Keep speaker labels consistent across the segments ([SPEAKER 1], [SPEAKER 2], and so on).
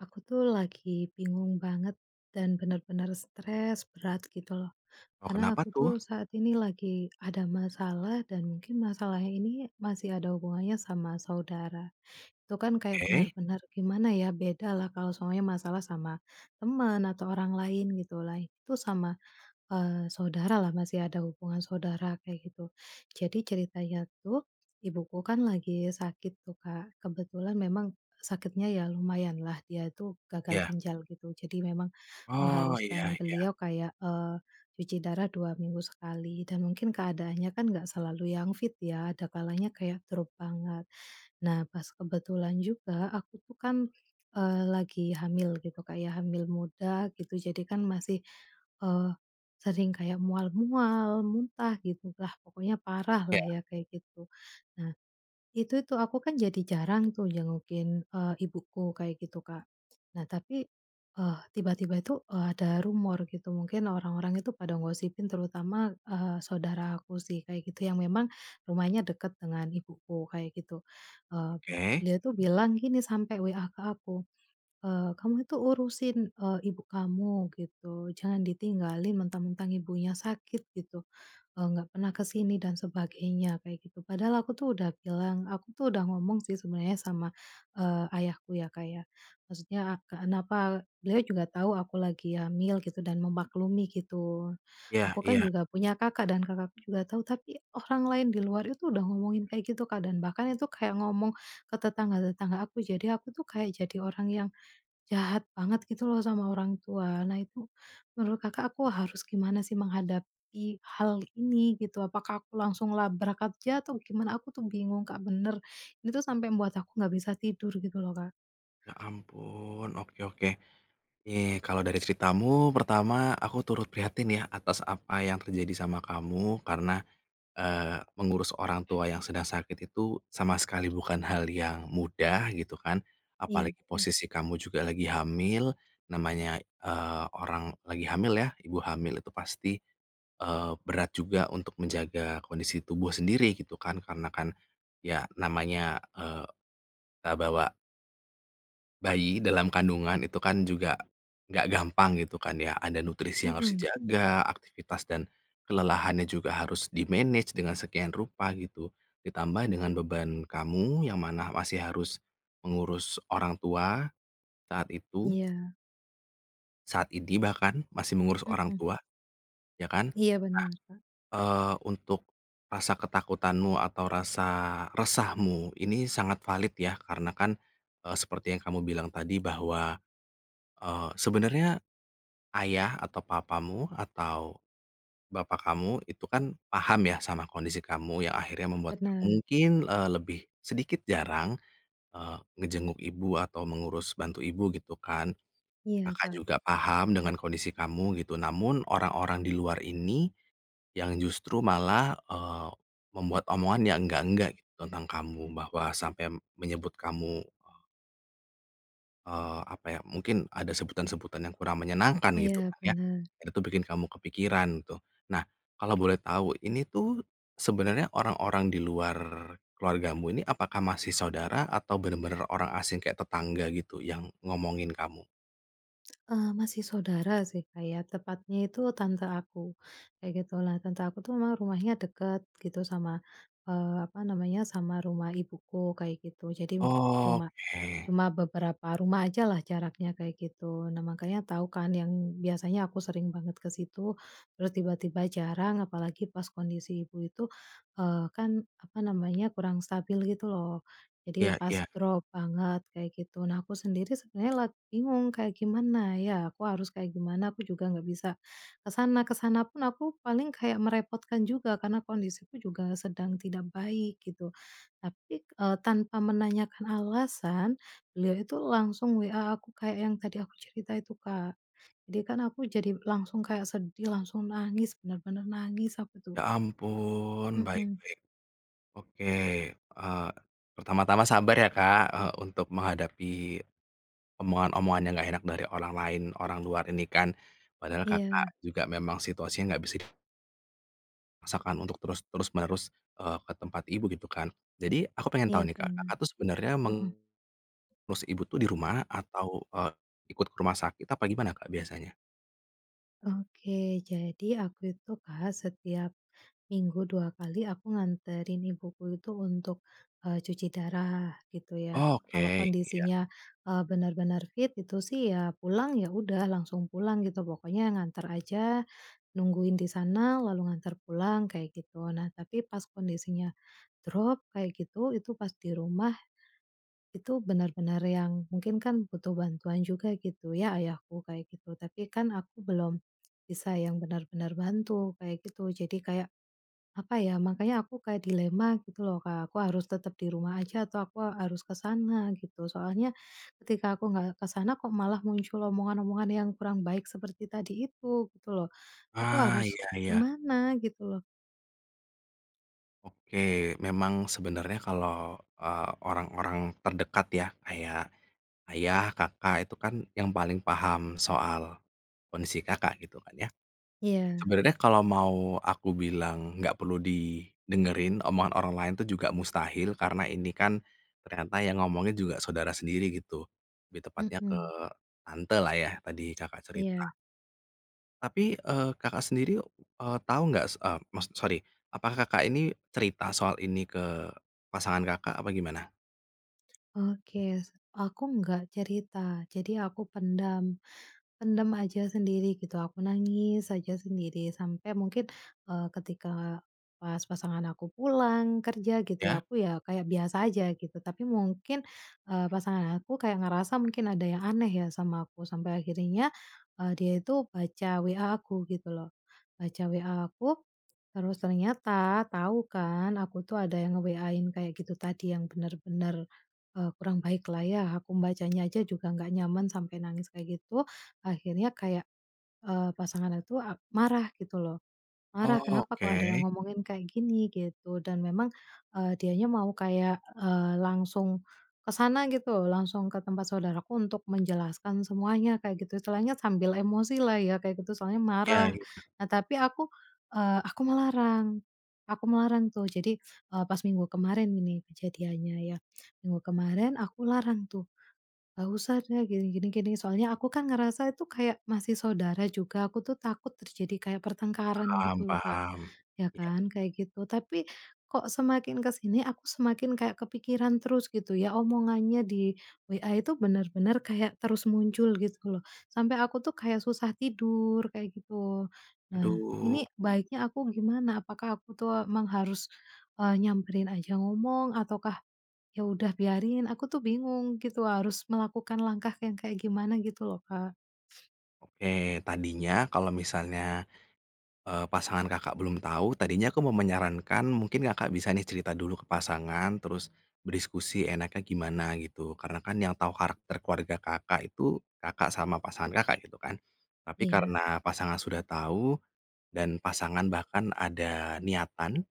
[SPEAKER 1] Aku tuh lagi bingung banget dan bener-bener stres berat gitu loh.
[SPEAKER 2] Oh
[SPEAKER 1] Karena
[SPEAKER 2] kenapa
[SPEAKER 1] aku tuh
[SPEAKER 2] tuh?
[SPEAKER 1] saat ini lagi ada masalah dan mungkin masalahnya ini masih ada hubungannya sama saudara. Itu kan kayak
[SPEAKER 2] Oke.
[SPEAKER 1] benar-benar gimana ya, bedalah kalau soalnya masalah sama teman atau orang lain gitulah itu sama, eee, saudaralah, masih ada hubungan saudara kayak gitu. Jadi ceritanya tuh, ibuku kan lagi sakit tuh, Kak. Kebetulan memang sakitnya ya lumayanlah, dia itu gagal
[SPEAKER 2] Ya.
[SPEAKER 1] ginjal gitu. Jadi memang
[SPEAKER 2] Oh, iya
[SPEAKER 1] mengharuskan
[SPEAKER 2] iya.
[SPEAKER 1] beliau kayak, eee, cuci darah 2 minggu sekali dan mungkin keadaannya kan gak selalu yang fit ya ada kalanya kayak drop banget. Nah pas kebetulan juga, aku tuh kan, eee, lagi hamil gitu, kayak hamil muda gitu. Jadi kan masih, eee, sering kayak mual-mual, muntah gitulah pokoknya parahlah
[SPEAKER 2] Iya.
[SPEAKER 1] ya, kayak gitu. Nah itu tuh, aku kan jadi jarang tuh jengukin, eee, ibuku kayak gitu, Kak. Nah tapi, eee, tiba-tiba itu, eee, ada rumor gitu. Mungkin orang-orang itu pada ngosipin, terutama, eee, saudara aku sih, kayak gitu, yang memang rumahnya dekat dengan ibuku, kayak gitu. Eee, be
[SPEAKER 2] Oke.
[SPEAKER 1] dia tuh bilang gini sampe WA ke aku, eee, "Kamu tuh urusin, eee, ibu kamu," gitu, "jangan ditinggalin mentang-mentang ibunya sakit," gitu, eee, "gak pernah ke sini," dan sebagainya, kayak gitu. Padahal aku tuh udah bilang, aku tuh udah ngomong sih sebenarnya sama, eee, ayahku ya, Kak ya, maksudnya kenapa beliau juga tahu aku lagi hamil gitu dan memaklumi gitu.
[SPEAKER 2] Iya
[SPEAKER 1] Aku kan
[SPEAKER 2] iya.
[SPEAKER 1] juga punya kakak dan kakakku juga tahu, tapi orang lain di luar itu udah ngomongin kayak gitu, Kak, dan bahkan itu kayak ngomong ke tetangga-tetangga aku, jadi aku tuh kayak jadi orang yang jahat banget gitu loh sama orang tua. Nah itu menurut Kakak aku harus gimana sih menghadapi hal ini gitu, apakah aku langsung labrak aja atau gimana aku tuh bingung, Kak, bener. Ini tuh sampai mbuat aku nggak bisa tidur gitu loh, Kak.
[SPEAKER 2] Ya ampun, oke oke. Nih kalau dari ceritamu, pertama aku turut prihatin ya atas apa yang terjadi sama kamu karena, eee, mengurus orang tua yang sedang sakit itu sama sekali bukan hal yang mudah gitu kan.
[SPEAKER 1] Iya,
[SPEAKER 2] Apalagi
[SPEAKER 1] nah.
[SPEAKER 2] posisi kamu juga lagi hamil, namanya, eee, orang lagi hamil ya, ibu hamil itu pasti, eee, berat juga untuk menjaga kondisi tubuh sendiri gitu kan karena kan, ya namanya, eee, eee, bawa bayi dalam kandungan, itu kan juga nggak gampang gitu kan ya. Ada nutrisi yang harus
[SPEAKER 1] Mmm.
[SPEAKER 2] dijaga, aktivitas dan kelelahannya juga harus di-manage dengan sekian rupa gitu, ditambah dengan beban kamu yang mana masih harus mengurus orang tua, saat itu
[SPEAKER 1] Iya.
[SPEAKER 2] saat ini bahkan, masih mengurus orang
[SPEAKER 1] Mmm.
[SPEAKER 2] tua. Ya kan?
[SPEAKER 1] Iya,
[SPEAKER 2] Nah,
[SPEAKER 1] bener Kak.
[SPEAKER 2] eee, untuk rasa ketakutanmu atau rasa resahmu ini sangat valid ya, karena kan, eee, seperti yang kamu bilang tadi bahwa, eee, sebenarnya ayah, atau papamu, atau bapak kamu itu kan paham ya sama kondisi kamu yang akhirnya membuat ka
[SPEAKER 1] Bener.
[SPEAKER 2] mungkin lebih sedikit jarang, eee, ngejenguk ibu atau mengurus bantu ibu, gitu kan.
[SPEAKER 1] Iya,
[SPEAKER 2] Kakak
[SPEAKER 1] Kak.
[SPEAKER 2] juga paham dengan kondisi kamu, gitu, namun orang-orang di luar ini yang justru malah, eee, membuat omongan yang enggak-enggak gitu tentang kamu, bahwa sampe menyebut kamu eee, apa ya, mungkin ada sebutan-sebutan yang kurang menyenangkan gitu
[SPEAKER 1] Iya,
[SPEAKER 2] kan ya,
[SPEAKER 1] bener.
[SPEAKER 2] dan itu bikin kamu kepikiran tuh. Nah kalau boleh tahu, ini tuh sebenarnya orang-orang di luar keluargamu ini, apakah masih saudara atau benar-benar orang asing kayak tetangga gitu yang ngomongin kamu?
[SPEAKER 1] Eee, masih saudara sih, Kak, ya tepatnya itu tante aku, kayak gitulah. Tante aku tuh emang rumahnya deket gitu sama, eee, apa namanya, sama rumah ibuku kayak gitu, jadi cuma
[SPEAKER 2] Oke.
[SPEAKER 1] cuma beberapa rumah ajalah jaraknya kayak gitu. Nah makanya tau kan yang biasanya aku sering banget ke situ, terus tiba-tiba jarang, apalagi pas kondisi ibu itu, eee, kan apa namanya, kurang stabil gitu loh. Jadi
[SPEAKER 2] Iya
[SPEAKER 1] pas
[SPEAKER 2] iya.
[SPEAKER 1] drop banget kayak gitu. Nah aku sendiri sebenarnya lagi bingung kayak gimana ya? Aku harus kayak gimana, aku juga nggak bisa ke sana ke sana pun aku paling kayak merepotkan juga karena kondisiku juga sedang tidak baik gitu. Tapi, k eee, tanpa menanyakan alasan, beliau itu langsung WA aku kayak yang tadi aku cerita itu, Kak. Jadi kan aku jadi langsung kayak sedih, langsung nangis, benar-benar nangis aku
[SPEAKER 2] Ya
[SPEAKER 1] tuh.
[SPEAKER 2] ampun, baik
[SPEAKER 1] Mmm.
[SPEAKER 2] baik. Oke, eee, pertama-tama sabar ya, Kak, eee, untuk menghadapi omongan-omongan yang nggak enak dari orang lain, orang luar ini kan. Padahal Kakak
[SPEAKER 1] Iya.
[SPEAKER 2] juga memang situasinya gak bisi masakan untuk terus terus-menerus, eee, ke tempat ibu, gitu kan. Jadi aku pengen
[SPEAKER 1] Iya,
[SPEAKER 2] tau nih, Kak,
[SPEAKER 1] bener.
[SPEAKER 2] Kakak tuh sebenernya
[SPEAKER 1] Mmm.
[SPEAKER 2] mengurus Ibu tuh di rumah atau, eee, ikut ke rumah sakit, apa gimana, Kak, biasanya?
[SPEAKER 1] Oke, jadi aku itu, Kak, setiap minggu 2 kali aku nganterin ibuku itu untuk, eee, cuci darah gitu ya. Kalau
[SPEAKER 2] Oke, iya.
[SPEAKER 1] kondisinya, eee, bener-bener fit, itu sih ya pulang, ya udah langsung pulang gitu, pokoknya nganter aja, nungguin di sana, lalu nganter pulang kayak gitu. Nah tapi pas kondisinya drop kayak gitu, itu pas di rumah, itu benar-benar yang mungkin kan butuh bantuan juga gitu ya, ayahku kayak gitu. Tapi kan aku belum bisa yang benar-benar bantu, kayak gitu, jadi kayak, apa ya, makanya aku kayak dilema gitu loh Kak, aku harus tetap di rumah aja atau aku harus ke sana gitu, soalnya ketika aku gak ke sana, kok malah muncul omongan-omongan yang kurang baik seperti tadi itu, gitu loh. Aku
[SPEAKER 2] Ah,
[SPEAKER 1] harus
[SPEAKER 2] iya iya.
[SPEAKER 1] gimana gitu loh?
[SPEAKER 2] Oke. Memang sebenernya kalau, eee, orang-orang terdekat ya, kayak ayah, kakak itu kan yang paling paham soal kondisi Kakak gitu kan ya.
[SPEAKER 1] Iya.
[SPEAKER 2] Sebenernya kalo mau aku bilang nggak perlu didengerin omongan orang lain tuh juga mustahil karena ini kan ternyata yang ngomongin juga saudara sendiri gitu, lebih tepatnya ke
[SPEAKER 1] Mmm.
[SPEAKER 2] tantelah ya, tadi cakak
[SPEAKER 1] Iya.
[SPEAKER 2] cerita. Tapi, eee, Kakak sendiri, eee, tau gak, s eee, maks sori, apa Kakak ini cerita soal ini ke pasangan Kakak apa gimana?
[SPEAKER 1] Oke. S aku nggak cerita, jadi aku pendam. Pendam aja sendiri gitu, aku nangis aja sendiri sampai mungkin, eee, ketika pas pasangan aku pulang kerja, gitu
[SPEAKER 2] Ya?
[SPEAKER 1] ya aku ya kayak biasa aja gitu, tapi mungkin, eee, pasangan aku kayak ngerasa mungkin ada yang aneh ya sama aku sampai akhirnya, eee, dia itu baca WA aku gitu loh. Baca WA aku, terus ternyata tau kan aku tuh ada yang nge-WA-in kayak gitu tadi, yang bener-bener, eee, kurang baiklah ya, aku membacanya aja juga gak nyaman sampai nangis kayak gitu. Akhirnya kayak, eee, pasangan atu a marah gitu loh,
[SPEAKER 2] Oh
[SPEAKER 1] marah, "Kenapa kok ada yang
[SPEAKER 2] oke.
[SPEAKER 1] ngomongin kayak gini?" Gitu, dan memang, eee, dianya mau kayak, eee, langsung ke sana gitu langsung ke tempat saudaraku untuk menjelaskan semuanya, kayak gitu istilahnya sambil emosilah ya kayak gitu, soalnya
[SPEAKER 2] Iya
[SPEAKER 1] marah.
[SPEAKER 2] iya.
[SPEAKER 1] Nah tapi aku, eee, aku melarang, aku melarang tuh, jadi, eee, pas minggu kemarin ini kejadiannya ya, minggu kemarin aku larang tuh, "Nggak usah deh, gini gini gini," soalnya aku kan ngerasa itu kayak masih saudara juga, aku tuh takut terjadi kayak pertengkaran
[SPEAKER 2] Paham
[SPEAKER 1] gitu loh, Kak.
[SPEAKER 2] paham,
[SPEAKER 1] Ya
[SPEAKER 2] iya.
[SPEAKER 1] kan? Kayak gitu. Tapi kok semakin ke sini, aku semakin kayak kepikiran terus gitu ya, omongannya di WA itu bener-bener kayak terus muncul gitu loh, sampai aku tuh kayak susah tidur, kayak gitu. Nah
[SPEAKER 2] Aduh.
[SPEAKER 1] ini baiknya aku gimana? Apakah aku tuh emang harus, eee, nyamperin aja ngomong, ataukah ya udah biarin, aku tuh bingung gitu harus melakukan langkah yang kayak gimana gitu loh, Kak.
[SPEAKER 2] Oke, tadinya kalau misalnya, eee, pasangan Kakak belum tahu, tadinya aku mau menyarankan mungkin Kakak bisa nih cerita dulu ke pasangan, terus berdiskusi enaknya gimana gitu, karena kan yang tau karakter keluarga Kakak itu, Kakak sama pasangan Kakak gitu kan? Tapi
[SPEAKER 1] Iya.
[SPEAKER 2] karena pasangan sudah tau, dan pasangan bahkan ada niatan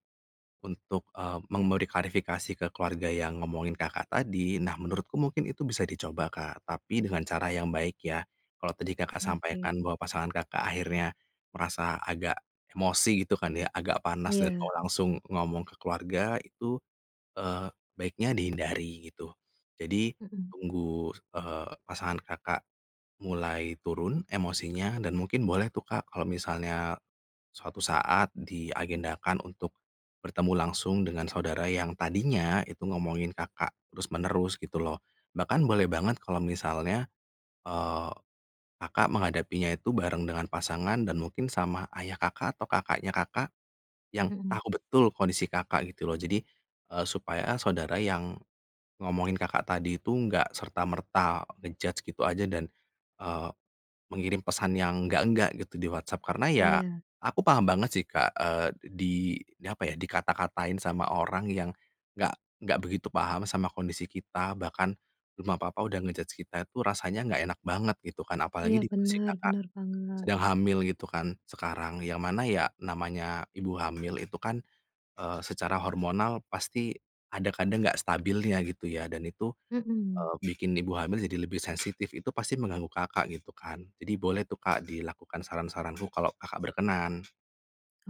[SPEAKER 2] untuk, eee, memberi klarifikasi ke keluarga yang ngomongin Kakak tadi, nah menurutku mungkin itu bisa dicoba, Kak, tapi dengan cara yang baik ya. Kalau tadi Kakak sampaikan
[SPEAKER 1] Oke.
[SPEAKER 2] bahwa pasangan Kakak akhirnya merasa agak emosi gitu kan ya, agak panas dan
[SPEAKER 1] Iya.
[SPEAKER 2] o langsung ngomong ke keluarga itu, eee, baiknya dihindari gitu. Jadi
[SPEAKER 1] Mmm.
[SPEAKER 2] tunggu, s eee, pasangan Kakak mulai turun emosinya, dan mungkin boleh tuh, Kak, kalau misalnya suatu saat diagendakan untuk bertemu langsung dengan saudara yang tadinya itu ngomongin Kakak terus-menerus, gitu loh. Bahkan boleh banget kalau misalnya, eee, Kakak menghadapinya itu bareng dengan pasangan dan mungkin sama ayah Kakak, atau kakaknya Kakak yang
[SPEAKER 1] Mmm.
[SPEAKER 2] tahu betul kondisi Kakak, gitu loh, jadi, eee, supaya saudara yang ngomongin Kakak tadi itu nggak serta merta nge-judge gitu aja, dan, eee, mengirim pesan yang enggak-enggak gitu di WhatsApp. Karena ya,
[SPEAKER 1] Iya.
[SPEAKER 2] aku paham banget sih Kak, eee, d di di apa ya, dikata-katain sama orang yang nggak nggak begitu paham sama kondisi kita, bahkan belum apa-apa udah nge-judge kita itu rasanya nggak enak banget gitu kan,
[SPEAKER 1] Iya,
[SPEAKER 2] apalagi di posisi
[SPEAKER 1] bener
[SPEAKER 2] Kakak
[SPEAKER 1] bener banget.
[SPEAKER 2] sedang hamil gitu kan sekarang, yang mana ya, namanya ibu hamil itu kan, eee, secara hormonal pasti ada kadang gak stabilnya gitu ya dan itu,
[SPEAKER 1] Mmm.
[SPEAKER 2] eee, bikin ibu hamil jadi lebih sensitif itu pasti mengganggu Kakak gitu kan. Jadi boleh tuh, Kak, dilakukan saran-saranku kalo Kakak berkenan.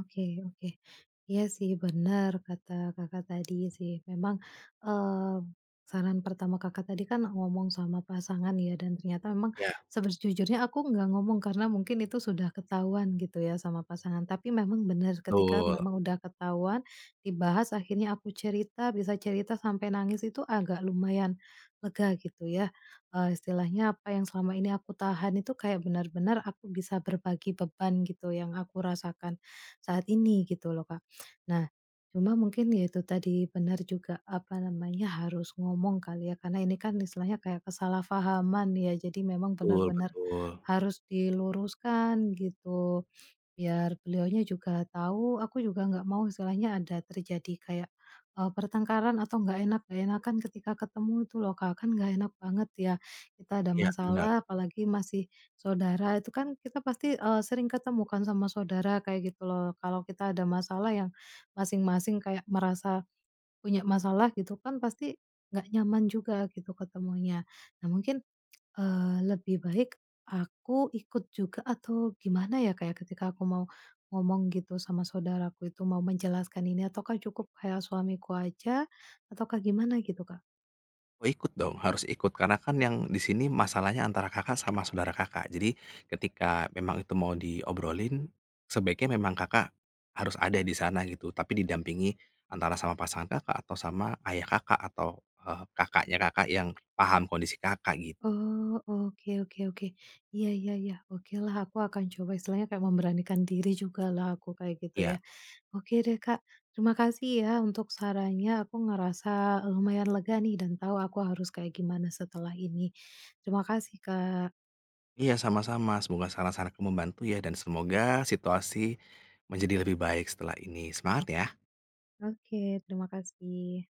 [SPEAKER 1] Oke oke. Iya sih bener kata Kakak tadi sih, memang, mmm, saran pertama Kakak tadi kan ngomong sama pasangan ya, dan ternyata memang
[SPEAKER 2] Iya.
[SPEAKER 1] sejujurnya aku nggak ngomong karena mungkin itu sudah ketahuan gitu ya sama pasangan. Tapi memang benar, ketika
[SPEAKER 2] Tul.
[SPEAKER 1] memang udah ketahuan, dibahas, akhirnya aku cerita, bisa cerita sampai nangis itu agak lumayan lega gitu ya. Eee, istilahnya apa yang selama ini aku tahan itu kayak benar-benar aku bisa berbagi beban gitu, yang aku rasakan saat ini gitu loh, Kak. Nah cuma mungkin ya itu tadi, benar juga, apa namanya, harus ngomong kali ya karena ini kan istilahnya kayak kesalahpahaman ya, jadi memang
[SPEAKER 2] Tul
[SPEAKER 1] benar-benar
[SPEAKER 2] betul.
[SPEAKER 1] harus diluruskan gitu. Biar beliaunya juga tahu, aku juga nggak mau istilahnya ada terjadi kayak, eee, pertengkaran atau gak enak gak enakan ketika ketemu itu loh, Kak, kan gak enak banget ya kita ada
[SPEAKER 2] Iya, benar.
[SPEAKER 1] masalah, apalagi masih saudara, itu kan kita pasti, eee, sering ketemu kan sama saudara kayak gitu loh. Kalau kita ada masalah yang masing-masing kayak merasa punya masalah gitu kan pasti gak nyaman juga gitu ketemunya. Nah mungkin, eee, lebih baik aku ikut juga atau gimana ya, Kak, ya, ketika aku mau ngomong gitu sama saudaraku itu mau menjelaskan ini, ataukah cukup kayak suamiku aja ataukah gimana gitu Kak?
[SPEAKER 2] Ikut dong. Harus ikut. Karena kan yang di sini masalahnya antara Kakak sama saudara Kakak. Jadi ketika memang itu mau diobrolin, sebaiknya memang Kakak harus ada di sana gitu, tapi didampingi antara sama pasangan Kakak, atau sama ayah Kakak, atau, eee, kakaknya Kakak yang paham kondisi Kakak gitu.
[SPEAKER 1] Oh, oke oke oke. Iya iya iya. Okelah, aku akan coba, istilahnya kayak memberanikan diri jugalah aku kayak gitu
[SPEAKER 2] Ya.
[SPEAKER 1] ya. Oke deh, Kak, terima kasih ya untuk sarannya, aku ngerasa lumayan lega nih dan tahu aku harus kayak gimana setelah ini. Terima kasih, Kak.
[SPEAKER 2] Iya, sama-sama. Semoga saran-saranku membantu ya dan semoga situasi menjadi lebih baik setelah ini, semangat ya.
[SPEAKER 1] Oke, terima kasih.